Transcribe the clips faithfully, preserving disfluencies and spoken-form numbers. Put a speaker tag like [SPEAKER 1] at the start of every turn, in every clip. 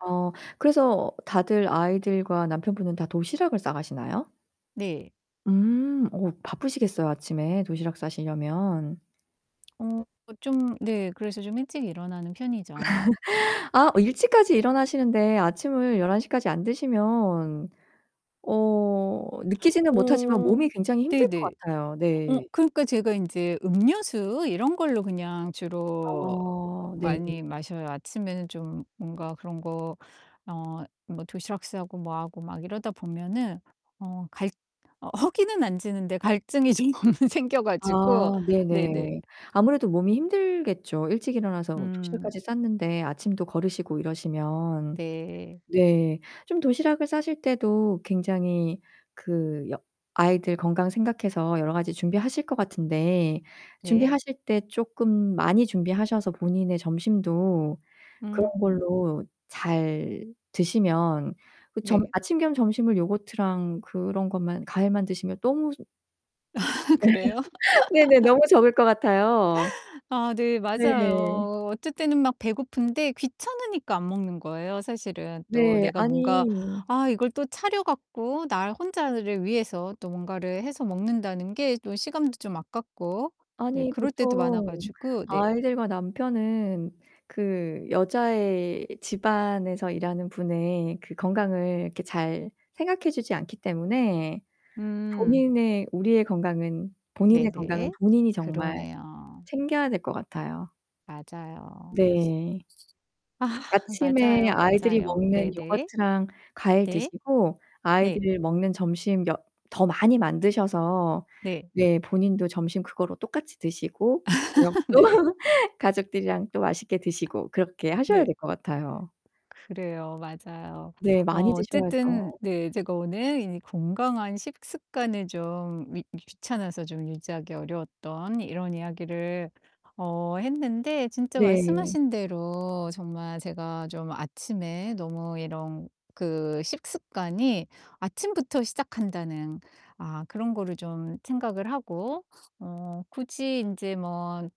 [SPEAKER 1] 어 그래서 다들 아이들과 남편분은 다 도시락을 싸 가시나요?
[SPEAKER 2] 네.
[SPEAKER 1] 음. 어 바쁘시겠어요, 아침에 도시락 싸시려면.
[SPEAKER 2] 어. 어 좀 네 그래서 좀 일찍 일어나는 편이죠.
[SPEAKER 1] 아. 어 일찍까지 일어나시는데 아침을 열한 시까지 안 드시면 어 느끼지는 못하지만
[SPEAKER 2] 어
[SPEAKER 1] 몸이 굉장히 힘들 것
[SPEAKER 2] 네네.
[SPEAKER 1] 같아요.
[SPEAKER 2] 어
[SPEAKER 1] 네.
[SPEAKER 2] 그러니까 제가 인제 음료수 이런 걸로 그냥 주로 어 어
[SPEAKER 1] 어 네.
[SPEAKER 2] 많이 마셔요. 아침에는 좀 뭔가 그런 거 어 뭐 도시락 싸고 뭐 하고 막 이러다 보면은 어 갈 어 허기는 안 지는데 갈증이 좀 생겨 가지고
[SPEAKER 1] 아
[SPEAKER 2] 네네.
[SPEAKER 1] 네네. 아무래도 몸이 힘들겠죠. 일찍 일어나서
[SPEAKER 2] 음.
[SPEAKER 1] 도시락까지 쌌는데 아침도 거르시고 이러시면
[SPEAKER 2] 네.
[SPEAKER 1] 네 좀 도시락을 싸실 때도 굉장히 그 여 아이들 건강 생각해서 여러 가지 준비하실 것 같은데
[SPEAKER 2] 네.
[SPEAKER 1] 준비하실 때 쪼끔 많이 준비하셔서 본인의 점심도 그런
[SPEAKER 2] 음.
[SPEAKER 1] 걸로 잘 드시면 그 점
[SPEAKER 2] 네.
[SPEAKER 1] 아침 겸 점심을 요거트랑 그런 것만 과일만 드시면 너무
[SPEAKER 2] 그래요?
[SPEAKER 1] 네네. 너무 적을 것 같아요.
[SPEAKER 2] 아 네
[SPEAKER 1] 네.
[SPEAKER 2] 맞아요. 어쩔 때는 막 배고픈데 귀찮으니까 안 먹는 거예요, 사실은. 또
[SPEAKER 1] 네.
[SPEAKER 2] 내가 뭔가
[SPEAKER 1] 아니
[SPEAKER 2] 아 이걸 또 차려 갖고 나 혼자를 위해서 또 뭔가를 해서 먹는다는 게 또 시간도 좀 아깝고 네
[SPEAKER 1] 아니
[SPEAKER 2] 그럴 때도 많아
[SPEAKER 1] 보통
[SPEAKER 2] 가지고. 네.
[SPEAKER 1] 아이들과 남편은 그 여자의 집안에서 일하는 분의 그 건강을 이렇게 잘 생각해 주지 않기 때문에
[SPEAKER 2] 음.
[SPEAKER 1] 본인의 우리의 건강은 본인의 건강은
[SPEAKER 2] 네네.
[SPEAKER 1] 본인이 정말
[SPEAKER 2] 그러네요.
[SPEAKER 1] 챙겨야 될 것 같아요.
[SPEAKER 2] 맞아요.
[SPEAKER 1] 네. 아침에
[SPEAKER 2] 맞아요,
[SPEAKER 1] 아이들이
[SPEAKER 2] 맞아요.
[SPEAKER 1] 먹는
[SPEAKER 2] 네네.
[SPEAKER 1] 요거트랑 과일
[SPEAKER 2] 네.
[SPEAKER 1] 드시고
[SPEAKER 2] 네.
[SPEAKER 1] 아이들이 먹는 점심 여 더 많이 만드셔서
[SPEAKER 2] 네.
[SPEAKER 1] 네 본인도 점심 그거로 똑같이 드시고 저녁도
[SPEAKER 2] 네.
[SPEAKER 1] 가족들이랑 또 맛있게 드시고 그렇게 하셔야
[SPEAKER 2] 네.
[SPEAKER 1] 될 것 같아요.
[SPEAKER 2] 그래요. 맞아요.
[SPEAKER 1] 네.
[SPEAKER 2] 어
[SPEAKER 1] 많이
[SPEAKER 2] 어쨌든
[SPEAKER 1] 드셔야죠.
[SPEAKER 2] 네 제가 오늘 이 건강한 식습관을 좀 미 귀찮아서 좀 유지하기 어려웠던 이런 이야기를 어 했는데 진짜
[SPEAKER 1] 네.
[SPEAKER 2] 말씀하신 대로 정말 제가 좀 아침에 너무 이런 그 식습관이 아침부터 시작한다는 아 그런 거를 좀 생각을 하고 어 굳이 인제 뭐 예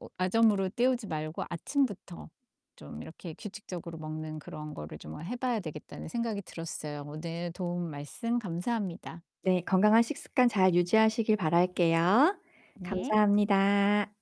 [SPEAKER 2] 어 아점으로 때우지 말고 '아침부터 좀 이렇게 규칙적으로 먹는 그런 거를 정말 해 봐야 되겠다.'는 생각이 들었어요. 오늘 도움 말씀 감사합니다.
[SPEAKER 1] 네. 건강한 식습관 잘 유지하시길 바랄게요.
[SPEAKER 2] 네.
[SPEAKER 1] 감사합니다.